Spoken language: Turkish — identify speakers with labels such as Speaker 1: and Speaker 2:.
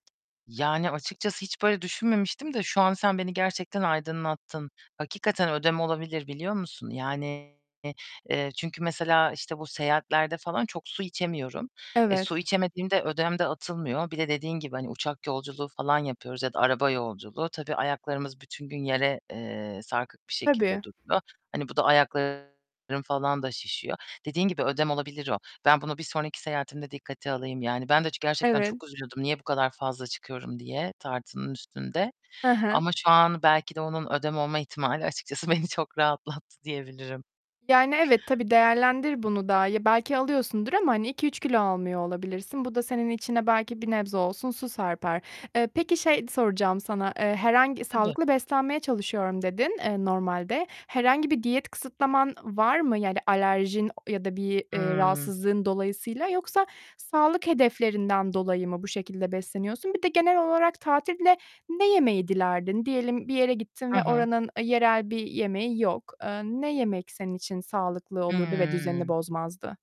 Speaker 1: Yani açıkçası hiç böyle düşünmemiştim de şu an sen beni gerçekten aydınlattın. Hakikaten ödem olabilir biliyor musun? Yani, eee, çünkü mesela işte bu seyahatlerde falan çok su içemiyorum. Eee,
Speaker 2: Evet.
Speaker 1: su içemediğimde ödem de atılmıyor. Bir de dediğin gibi hani uçak yolculuğu falan yapıyoruz ya da araba yolculuğu. Tabii ayaklarımız bütün gün yere, eee, sarkık bir şekilde
Speaker 2: Tabii.
Speaker 1: duruyor. Hani bu da ayaklarım falan da şişiyor. Dediğin gibi, ödem olabilir o. Ben bunu bir sonraki seyahatimde dikkate alayım. Yani ben de çı gerçekten
Speaker 2: Evet.
Speaker 1: çok üzülüyordum niye bu kadar fazla çıkıyorum diye tartının üstünde
Speaker 2: Hı hı.
Speaker 1: ama şu an belki de onun ödem olma ihtimali açıkçası beni çok rahatlattı diyebilirim.
Speaker 2: Yani, evet, tabii değerlendir bunu da. Ya, belki alıyorsundur ama hani 2-3 kilo almıyor olabilirsin. Bu da senin içine belki bir nebze olsun su serper. Eee, peki şey soracağım sana: "Eee, herhangi
Speaker 1: Tabii.
Speaker 2: sağlıklı beslenmeye çalışıyorum." dedin, eee, normalde. Herhangi bir diyet kısıtlaman var mı? Yani alerjin ya da bir, eee,
Speaker 1: Imm.
Speaker 2: rahatsızlığın dolayısıyla yoksa sağlık hedeflerinden dolayı mı bu şekilde besleniyorsun? Bir de genel olarak tatilde ne yemeyi dilerdin? Diyelim bir yere gittin
Speaker 1: Hı
Speaker 2: ve
Speaker 1: hı.
Speaker 2: oranın, ııı, yerel bir yemeği yok. Eee, ne yemek senin için sağlıklı olurdu ve düzenini
Speaker 1: Hıı.
Speaker 2: bozmazdı?